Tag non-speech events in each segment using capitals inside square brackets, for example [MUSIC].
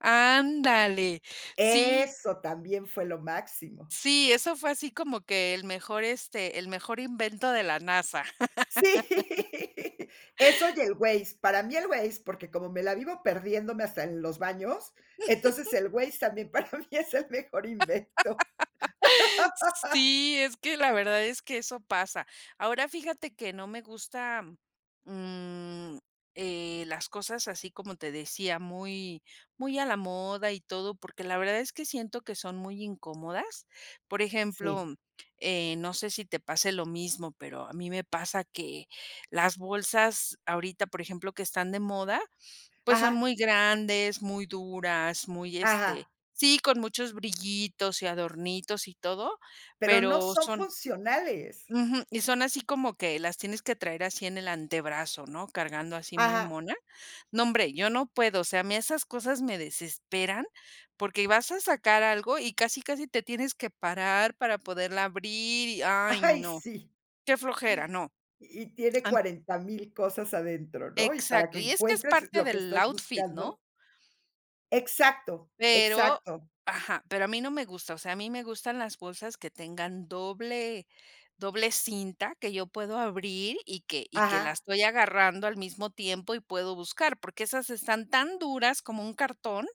Ándale, sí. Eso también fue lo máximo. Sí, eso fue así como que el mejor, este, el mejor invento de la NASA. Sí, [LAUGHS] eso y el Waze, para mí el Waze, porque como me la vivo perdiéndome hasta en los baños, entonces [CHUCKLES] el Waze también para mí es el mejor invento. [LAUGHS] [LAUGHS] Sí, es que la verdad es que eso pasa, ahora, fíjate que no me gusta, mm, eh, las cosas así, como te decía, muy, muy a la moda y todo porque la verdad es que siento que son muy incómodas, por Sí. ejemplo, eh, no sé si te pase lo mismo, pero a mí me pasa que las bolsas ahorita, por ejemplo, que están de moda, pues, son Ajá. muy grandes, muy duras, muy, este Ajá. sí, con muchos brillitos y adornitos y todo, Pero no pero son son funcionales. Ujú, y son así como que las tienes que traer así en el antebrazo, ¿no?, cargando así muy Ajá. mona, no hombre, yo no puedo, o sea, a mí esas cosas me desesperan porque vas a sacar algo y casi, casi te tienes que parar para poderla abrir y, ay, Ay, no, sí. qué flojera, no, Y tiene am 40000 cosas adentro, ¿no?, y para Exacto, que y es que es encuentres parte lo que del estás outfit, buscando. ¿no? Exacto, Pero, exacto. ajá, pero a mí no me gusta, o sea, a mí me gustan las bolsas que tengan doble doble cinta, que yo puedo abrir y que y que la Ajá. estoy agarrando al mismo tiempo y puedo buscar, porque esas están tan duras como un cartón.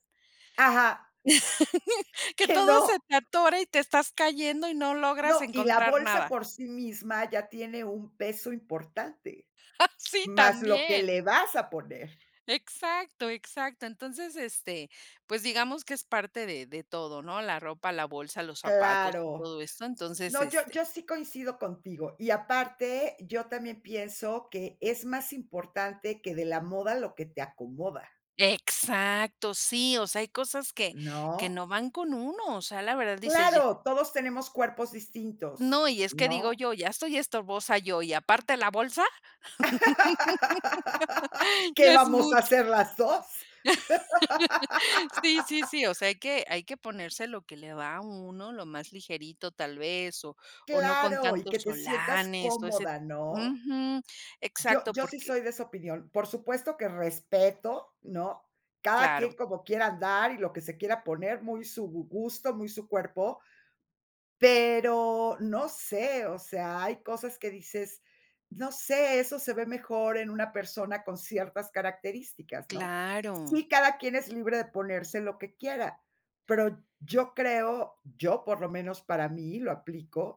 Ajá. [CHUCKLES] Que Que todo se no. te atora y te estás cayendo y no logras No, y la encontrar bolsa nada. por sí misma ya tiene un peso importante, [CHUCKLES] Sí, más lo que también. le vas a poner. Exacto, exacto, entonces, este, pues digamos que es parte de de todo, ¿no? la ropa, la bolsa, los zapatos y Claro. todo esto, entonces, No, yo este yo sí coincido contigo, y aparte, yo también pienso que es más importante que "De la moda lo que te acomoda". Exacto, sí, o sea, hay cosas que que ¿No? no van con uno, o sea, la verdad dices ya. Claro, todos tenemos cuerpos No, distintos, y es que digo ¿no? yo: "Ya estoy estorbosa yo, ¿y aparte la bolsa?". [LAUGHS] [LAUGHS] ¿Qué Ya es vamos a mucho. hacer las dos? [LAUGHS] Sí, sí, [LAUGHS] sí, o sea, hay que hay que ponerse lo que le va a uno, lo más ligerito tal vez, o o no con Claro, y que tantos te sientas olanes, o ese cómoda, ¿no? Ujú, Yo exacto, yo sí porque soy de esa opinión, por supuesto que respeto, ¿no? Cada Claro. quien como quiera andar y lo que se quiera poner, muy su gu gusto, muy su cuerpo, pero, no sé, o sea, hay cosas que dices, "No sé, eso se ve mejor en una persona con ciertas características", ¿no? Claro. Sí, cada quien es libre de ponerse lo que quiera, pero yo creo, yo, por lo menos, para mí, lo aplico.